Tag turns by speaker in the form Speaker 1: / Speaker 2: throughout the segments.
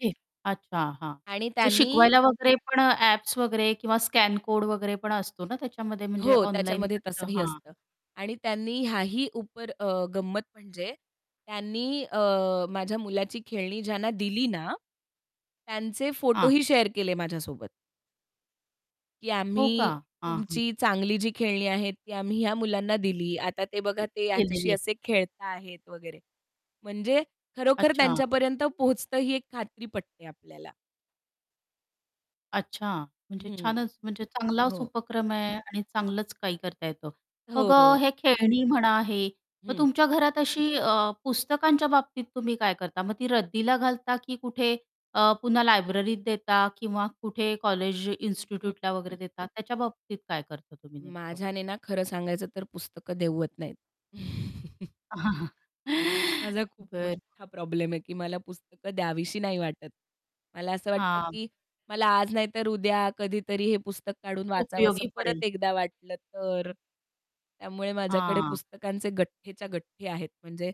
Speaker 1: [unintelligible] अच्छा, हां.
Speaker 2: आणि
Speaker 1: ते
Speaker 2: त्यांनी
Speaker 1: शिकवायला वगैरे पण ॲप्स वगैरे किंवा स्कॅन कोड वगैरे पण असतो ना, त्याच्यामध्ये म्हणजे
Speaker 2: हो,
Speaker 1: ऑनलाईन
Speaker 2: त्याच्यामध्ये
Speaker 1: [unintelligible]
Speaker 2: तसंही
Speaker 1: हां.
Speaker 2: असतं. आणि त्यांनी ह्याही ऊपर अ, गंमत म्हणजे त्यांनी अ, माझ्या मुलाची खेळणी ज्यांना दिली ना, त्यांचे
Speaker 1: हां.
Speaker 2: फोटोही शेअर केले माझ्यासोबत. की
Speaker 1: हो का?
Speaker 2: आम्ही
Speaker 1: हां, हां.
Speaker 2: तुमची चांगली जी खेळणी आहेत, ती आम्ही ह्या मुलांना दिली. आता ते बघा, ते ह्याच्याशी
Speaker 1: केलेली आहे.
Speaker 2: असे खेळत आहेत वगैरे. म्हणजे खरोखर
Speaker 1: अच्छा.
Speaker 2: त्यांच्यापर्यंत पोहोचतं. ही एक खात्री पटते आपल्याला.
Speaker 1: अच्छा, म्हणजे
Speaker 2: हं,
Speaker 1: छानच, म्हणजे चांगलाच
Speaker 2: हो.
Speaker 1: उपक्रम आहे आणि चांगलंच काही करता येतं. मग अ,
Speaker 2: हो.
Speaker 1: हे खेळणी म्हणा, हे मग
Speaker 2: हं.
Speaker 1: तुमच्या घरात अशी अ, पुस्तकांच्या बाबतीत तुम्ही काय करता मग? ती रद्दीला घालता की कुठे अ, पुन्हा लायब्ररीत देता किंवा कुठे कॉलेज,
Speaker 2: हं,
Speaker 1: इन्स्टिट्यूटला
Speaker 2: हं.
Speaker 1: वगैरे देता? त्याच्या बाबतीत काय करता तुम्ही नेमकं?
Speaker 2: माझ्याने ना, खरं सांगायचं तर पुस्तकं देत नाहीत. माझा खूप
Speaker 1: बरं.
Speaker 2: मोठा प्रॉब्लेम आहे की मला पुस्तकं द्यावीशी नाही वाटत. मला असं वाटतं
Speaker 1: हां.
Speaker 2: की मला आज नाहीतर उद्या कधीतरी हे पुस्तक काढून वाचावंस
Speaker 1: उपयोगी
Speaker 2: परत
Speaker 1: पडेल.
Speaker 2: एकदा वाटलं तर. त्यामुळे माझ्याकडे
Speaker 1: हां.
Speaker 2: पुस्तकांचे गठेच्या गठ्ठे आहेत. म्हणजे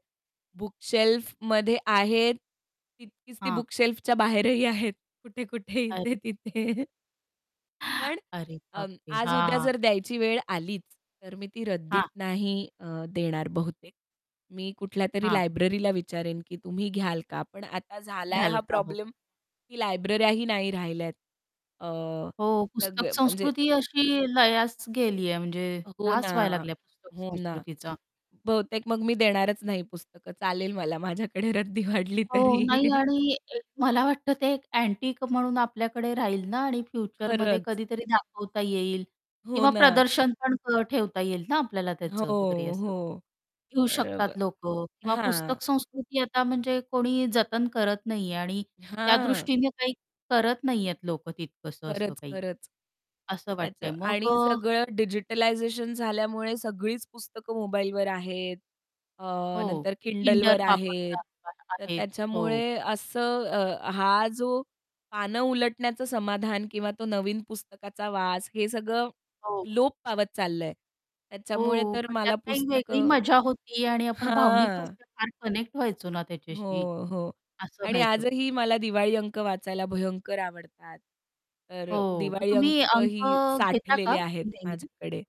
Speaker 2: बुक शेल्फमध्ये आहेत तितकीच ती
Speaker 1: हां.
Speaker 2: बुक शेल्फच्या बाहेरही आहेत. कुठे-कुठे,
Speaker 1: अरे.
Speaker 2: इथे-तिथे पण
Speaker 1: अरे
Speaker 2: अं,
Speaker 1: बापरे!
Speaker 2: आज-उद्या
Speaker 1: हां.
Speaker 2: जर द्यायची वेळ आलीच, तर मी ती रद्दीत
Speaker 1: हां.
Speaker 2: नाही अ, देणार बहुतेक. मी कुठल्यातरी
Speaker 1: हां.
Speaker 2: लायब्ररीला विचारेन की, तुम्ही घ्याल का? पण आता झालाय
Speaker 1: घ्याल
Speaker 2: हा
Speaker 1: का हो.
Speaker 2: प्रॉब्लेम की लायब्रऱ्याही नाही राहिल्यात. अ,
Speaker 1: हो.
Speaker 2: तर
Speaker 1: पुस्तक
Speaker 2: ग म्हणजे
Speaker 1: संस्कृती अशी लयास गेली आहे म्हणजे
Speaker 2: अ, हो ना.
Speaker 1: ऱ्हास व्हायला लागला पुस्तक
Speaker 2: हो ना.
Speaker 1: संस्कृतीचा.
Speaker 2: बहुतेक मग मी देणारच नाही पुस्तकं. चालेल मला माझ्याकडे रद्दी वाढली
Speaker 1: हो.
Speaker 2: तरी.
Speaker 1: नाही. आणि मला वाटतं ते अँटिक म्हणून आपल्याकडे राहील ना आणि फ्युचरमध्ये
Speaker 2: खरंच.
Speaker 1: कधीतरी दाखवता येईल
Speaker 2: हो
Speaker 1: किंवा
Speaker 2: ना.
Speaker 1: प्रदर्शन पण ठेवता येईल ना आपल्याला
Speaker 2: हो,
Speaker 1: त्याचं वगैरे असं.
Speaker 2: हो.
Speaker 1: घेऊ शकतात
Speaker 2: बरोबर,
Speaker 1: लोक किंवा
Speaker 2: हां.
Speaker 1: पुस्तक संस्कृती आता म्हणजे कोणी जतन करत नाहीये आणि त्या
Speaker 2: हां.
Speaker 1: दृष्टीने काही करत नाहीहेत लोक, तितकसं असं
Speaker 2: खरंच,
Speaker 1: काही
Speaker 2: खरंच. तर
Speaker 1: असं वाटतंय.
Speaker 2: त्याचं
Speaker 1: मग
Speaker 2: आणि
Speaker 1: अ
Speaker 2: सगळं डिजिटलायझेशन झाल्यामुळे सगळीच पुस्तकं मोबाईलवर आहेत. अ,
Speaker 1: हो,
Speaker 2: नंतर
Speaker 1: ते Kindle
Speaker 2: Kindleवर आहेत.
Speaker 1: वापरतात आ
Speaker 2: तर
Speaker 1: आहेत. हो.
Speaker 2: त्याच्यामुळे असं, अ, हा जो पानं उलटण्याचं समाधान किंवा तो नवीन पुस्तकाचा वास, हे सगळं
Speaker 1: हो.
Speaker 2: लोप पावत चाललंय त्याच्यामुळे
Speaker 1: हो,
Speaker 2: तर
Speaker 1: पण त्यात
Speaker 2: मला
Speaker 1: काही वेगळी
Speaker 2: पुस्तकं
Speaker 1: मजा होती आहे. आणि आपण भावनिक
Speaker 2: हां.
Speaker 1: दृष्ट्या फार कनेक्ट व्हायचो ना त्याच्याशी
Speaker 2: हो, हो.
Speaker 1: असं
Speaker 2: आणि
Speaker 1: व्हायचं.
Speaker 2: आजही मला दिवाळी अंक वाचायला भयंकर आवडतात. तर अ,
Speaker 1: हो, मग
Speaker 2: दिवाळी
Speaker 1: तुम्ही
Speaker 2: अंकही
Speaker 1: अंक घेता
Speaker 2: साठलेले
Speaker 1: का
Speaker 2: आहेत
Speaker 1: नेहमी?
Speaker 2: माझ्याकडे.